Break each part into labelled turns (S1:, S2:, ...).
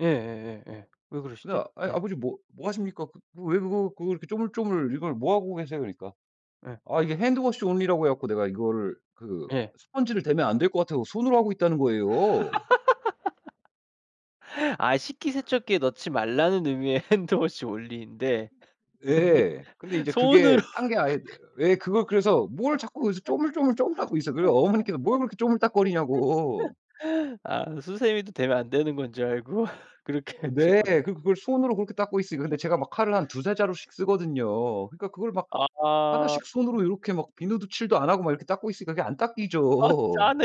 S1: 예예예예. 왜
S2: 근데
S1: 그러시지?
S2: 아 "아이
S1: 네.
S2: 아버지 뭐 뭐 하십니까? 그 왜 그거 그거 이렇게 조물조물 이걸 뭐 하고 계세요?" 그러니까.
S1: 예.
S2: 아 "이게 hand wash only라고 해 갖고 내가 이거를 그
S1: 예.
S2: 스펀지를 대면 안 될 것 같아서 손으로 하고 있다."는 거예요.
S1: 아 식기세척기에 넣지 말라는 의미의 hand wash only 인데. 근데
S2: 예. 근데 이제 그게
S1: 손으로
S2: 딴 게 아예 왜 그걸 그래서 뭘 자꾸 그래서 조물조물조물하고 있어. 그래서 어머니께서 "뭘 그렇게 쪼물딱거리냐."고
S1: 아 수세미도 대면 안 되는 건 줄 알고 그렇게
S2: 어 네.
S1: 하셨구나.
S2: 그 그걸 손으로 그렇게 닦고 있으니까. 근데 제가 막 칼을 한 2-3 자루씩 쓰거든요. 그러니까 그걸 막 1
S1: 아.
S2: 씩 손으로 요렇게 막 비누도 칠도 안 하고 막 이렇게 닦고 있으니까 그게 안
S1: 아
S2: 닦이죠.
S1: 짠해.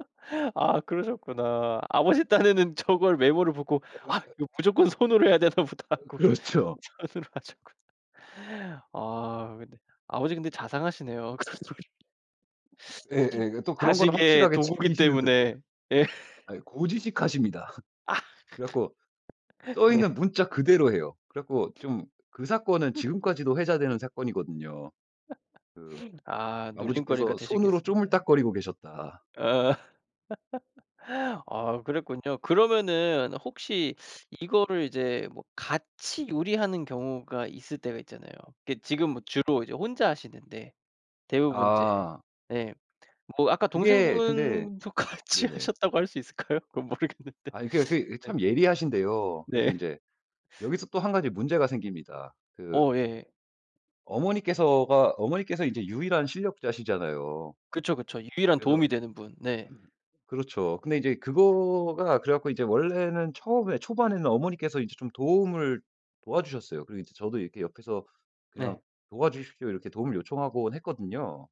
S2: 아
S1: 아 그러셨구나. 아버지 딴에는 저걸 왜 물어보고. '아 이거 무조건 손으로 해야 되나 보다.'
S2: 으
S1: 하고
S2: 그렇죠.
S1: 손으로 하셨구나. 아 근데 아버지 근데 자상하시네요. 그런 소리
S2: 예예. 예 또 그런 건
S1: 자식의
S2: 확실하게
S1: 도구기
S2: 지키시는 드 고
S1: 때문에. 예.
S2: 아이 고지식하십니다. 그래 갖고 써 있는
S1: 네.
S2: 문자 그대로 해요. 그래 갖고 좀 그 사건은 지금까지도 회자되는 사건이거든요. 그
S1: 아 놀림거리가
S2: 아버지께서 손으로
S1: 되셨겠습니다.
S2: 쪼물딱거리고 계셨다.
S1: 어. 아 그랬군요. 그러면은 혹시 이거를 이제 뭐 같이 요리하는 경우가 있을 때가 있잖아요. 이게 지금 뭐 주로 이제 혼자 하시는데 대부분 이제
S2: 아.
S1: 예 뭐 아까
S2: 그게 근데
S1: 동생분도 같이
S2: 네네.
S1: 하셨다고 할 수 있을까요? 그건 모르겠는데.
S2: 아니 그게 그 이
S1: 네.
S2: 참 예리하신데요.
S1: 네.
S2: 그래서 인제 여기서 또 1 가지 문제가 생깁니다. 그
S1: 어. 예예.
S2: 어머니께서가 어머니께서 이제 유일한 실력자시잖아요.
S1: 그쵸, 그쵸. 유일한
S2: 그래서
S1: 도움이 되는 분. 네.
S2: 그렇죠. 근데 인제 그거가 그래 갖고 이제 원래는 처음에 초반에는 어머니께서 이제 좀 도움을 도와주셨어요. 그리고 이제 저도 이렇게 옆에서
S1: 네.
S2: 그냥 "도와주십시오." 이렇게 도움을 요청하곤 했거든요.